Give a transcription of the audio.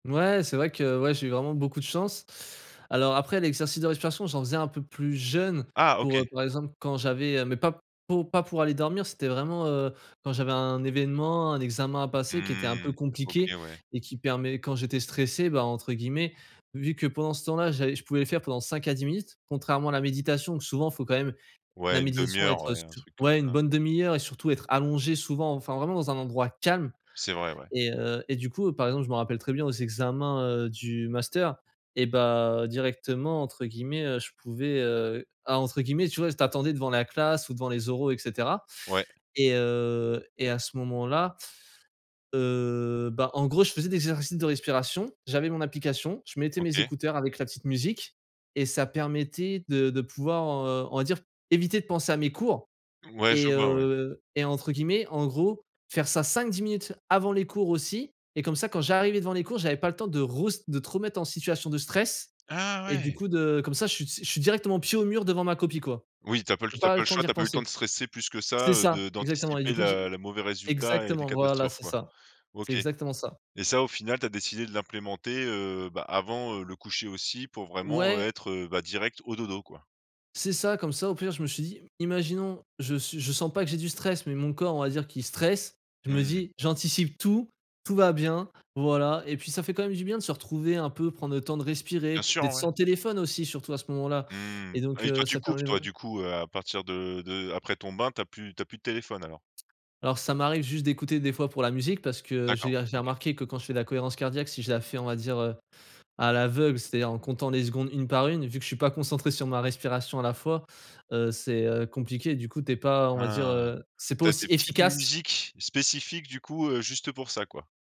Ouais c'est vrai que, heu, ouais, j'ai eu vraiment beaucoup de chance. Alors, après, l'exercice de respiration, j'en faisais un peu plus jeune Ah OK. pour, heu, par exemple, quand j'avais, heu, mais pas pou pas pour aller dormir c'était vraiment, heu, quand j'avais un événement, un examen à passer qui était un peu Mmh, OK compliqué ouais. et qui permet, quand j'étais stressé, bah, entre guillemets «Vu que pendant ce temps-là, j'allais je pouvais le faire pendant 5 à 10 minutes». Contrairement à la méditation, où souvent faut quand même, la Ouais une 1/2 méditation heure, être ouais, un su truc comme ouais une ça. bonne 1/2 heure et surtout être allongé souvent enfin vraiment dans un endroit calme C'est vrai, ouais. et heu et du coup, heu, par exemple je me rappelle très bien aux examens, heu, du master et bah, «directement» entre guillemets, heu, je pouvais, heu ah «entre guillemets», tu vois, tu attendais devant la classe ou devant les oraux et cetera Ouais. et heu, et à ce moment-là, heu, bah, en gros, je faisais des exercices de respiration, j'avais mon application, je mettais mes OK. écouteurs avec la petite musique et ça permettait de de pouvoir, heu, on va dire, éviter de penser à mes cours Ouais, et je vois, ouais. heu et «entre guillemets» en gros, faire ça 5-10 minutes avant les cours aussi et comme ça, quand j'arrivais devant les cours, j'avais pas le temps de restr de te remettre en situation de stress, Ah et du ouais. coup de comme ça je suis je suis directement pied au mur devant ma copie quoi. Oui, tu as tu Tu as as pas pas le le temps choix, d'y tu as pas eu le temps repenser. de stresser plus que ça, C'est heu, ça, de exactement et d'anticiper du coup la tu la mauvais résultat et les exactement! Voilà catastrophes c'est quoi. ça, c'est OK exactement ça. et ça au final tu as décidé de l'implémenter, heu, bah, avant, heu, le coucher aussi pour vraiment, heu, Ouais. être, heu, bah, direct au dodo quoi. C'est ça. Comme ça, au pire, je me suis dit: «Imaginons je suis je sens pas que j'ai du stress mais mon corps on va dire qu'il stresse». Je me Mmh. dis «J'anticipe tout, tout va bien. Voilà» et puis ça fait quand même du bien de se retrouver, un peu, prendre le temps de respirer, Bien sûr, d'être sans ouais. téléphone aussi, surtout à ce moment-là Mmh et mh, ah donc, oui, toi, heu, tu ça coupes, permet toi, vrai du coup, heu, à partir de de après ton bain, tu as plus tu as plus de téléphone alors. Alors ça m'arrive juste d'écouter, des fois, pour la musique parce que, heu, j'ai D'accord. j'ai OK. remarqué que quand je fais de cohérence cardiaque, si je la fais, on va dire, heu, à l'aveugle, c'est-à-dire en comptant les secondes, une par une, vu que je suis pas concentré sur ma respiration à la fois, heu, c'est, heu, compliqué. Du coup, tu es pas, on va dire, Ah. heu, c'est pas Tu as aussi des petites efficace. musiques, spécifiques, du coup, heu, juste pour ça, quoi?